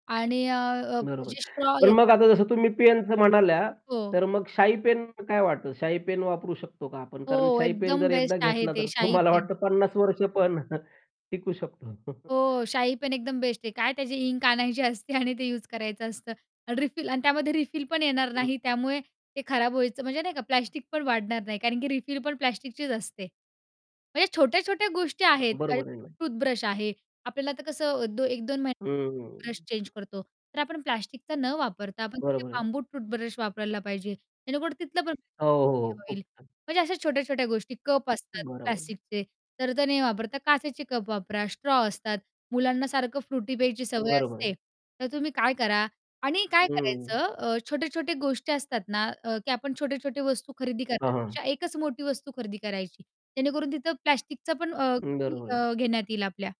आणि अ, अ, बरोबर. म्हणजे स्ट्रॉ पण मग येतात. आता जसं तुम्ही पेनचं म्हणाल्या, हो. तर मग शाई पेन काय वाटतं? शाई पेन वापरू शकतो का आपण? कारण हो, शाई पेन एकदम जर एकदा बेस्ट आहे घेतला, ते, तर शाई मला पेन. वाटतं 50 वर्ष पण टिकू शकतो. हो शाई पेन एकदम बेस्ट आहे. काय त्याची इंक आणायची असते आणि ते यूज करायचं असतं. आणि रिफिल आणि त्यामध्ये रिफिल पण येणार हं, नाही, हं. त्यामुळे ते खराब व्हायचं म्हणजे नाही का प्लास्टिक पण वाढणार नाही, कारण की रिफिल पण प्लास्टिकचीच असते. म्हणजे छोट्या-छोट्या गोष्टी आहेत, आता बरोबर राहिलं. टूथब्रश आहे. आपल्याला आता कसं अ, दो 1-2 महिन्यात ब्रश हं. चेंज करतो. तर आपण प्लास्टिकचा न वापरता आपण तिथे बरोबर आहे. बांबू टूथब्रश वापरायला पाहिजे, जेणेकरुन तिथलं पण हो, प्लास्टिक हो कमी खूप होईल. छान. म्हणजे अशा छोट्या-छोट्या गोष्टी कप असतात बरोबर. प्लास्टिकचे. तर त्या नाही वापरता, काचेचे कप वापरा, स्ट्रॉ असतात. मुलांना सारखं फ्रुटी प्यायची सवय बरोबर आहे. असते, तर तुम्ही काय करा आणि काय हं. करायचं अ, छोट्या-छोट्या गोष्टी असतात ना, अ, की आपण छोटे-छोटे वस्तू खरेदी हां, हां. करण्यापेक्षा 1 च मोठी वस्तू खरेदी करायची. जेणेकरून तिथं प्लास्टिकचा पण अ, अं, कमी बरोबर आहे. अ, घेण्यात येईल आपल्या.